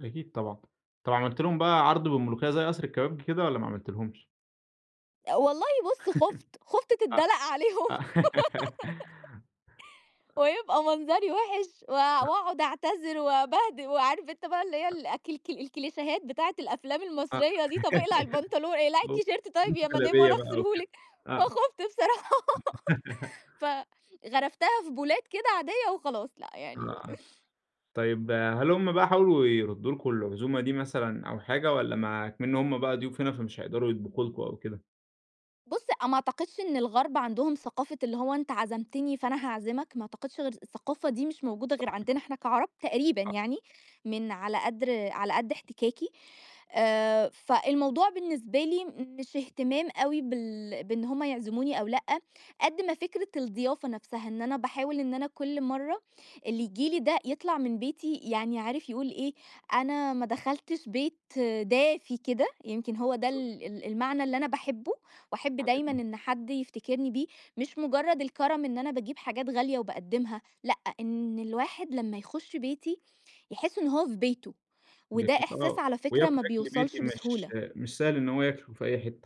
أكيد طبعًا. طب عملت لهم بقى عرض بالملوخيّة زي قصر الكبابجي كده والّا ما عملتيلهمش؟ والله بُص خُفت، خُفت أ تدّلق أ عليهم. ويبقى منظري وِحش و آه. وأقعد أعتذر وأبهد وعارف أنت بقى اللي هي الأكل [unintelligible] الكل الكليشيهات بتاعة الأفلام آه، المصرية دي، طب اقلع البنطلون اقلعي ج التيشيرت طيّب يا البسوا مدام جلابية وأنا بقى أغسله وكده، لِك، آه. فخُفت بصراحة. فغرفتها في بولات كده عاديّة وخلاص لأ يعني [unintelligible] طيب، هل هم بقى حاولوا يردّوا لكم العزومة دي مثلًا أو حاجة والّا ما إكمِن هم بقى ضيوف هنا فمش هيقدروا يطبخوا لكم أو كده؟ بُص، ما أعتقدش إن الغرب عندهم ثقافة اللي هو أنت عزمتني فأنا هاعزمك، ما أعتقدش غير الثقافة دي مش موجودة غير صحيح. عندنا إحنا كعرب تقريبًا آه. يعني، من على قدر على قد احتكاكي. آآ فالموضوع بالنسبة لي مش اهتمام أوي بال بإن هم يعزموني أو لأ، قد ما فكرة الضيافة نفسها. إن أنا باحاول إن أنا كل مرّة اللي ييجي لي ده يطلع من بيتي يعني عارف يقول إيه، أنا ما دخلتش بيت دافي كده، يمكن هو ده بالضبط. ال ال المعنى اللي أنا باحبه، وأحب دايمًا عظيم. إن حد يفتكرني بيه. مش مُجرّد الكرم إن أنا باجيب حاجات غالية وباقدّمها لأ، إن الواحد لمّا يخُش بيتي، يحس إن هو في بيته. وده جميل إحساس آه، على فكرة وياكل ما أكل بيتي بيوصلش مش بسهولة. مش سهل إنه هو ياكله في أي حتّة.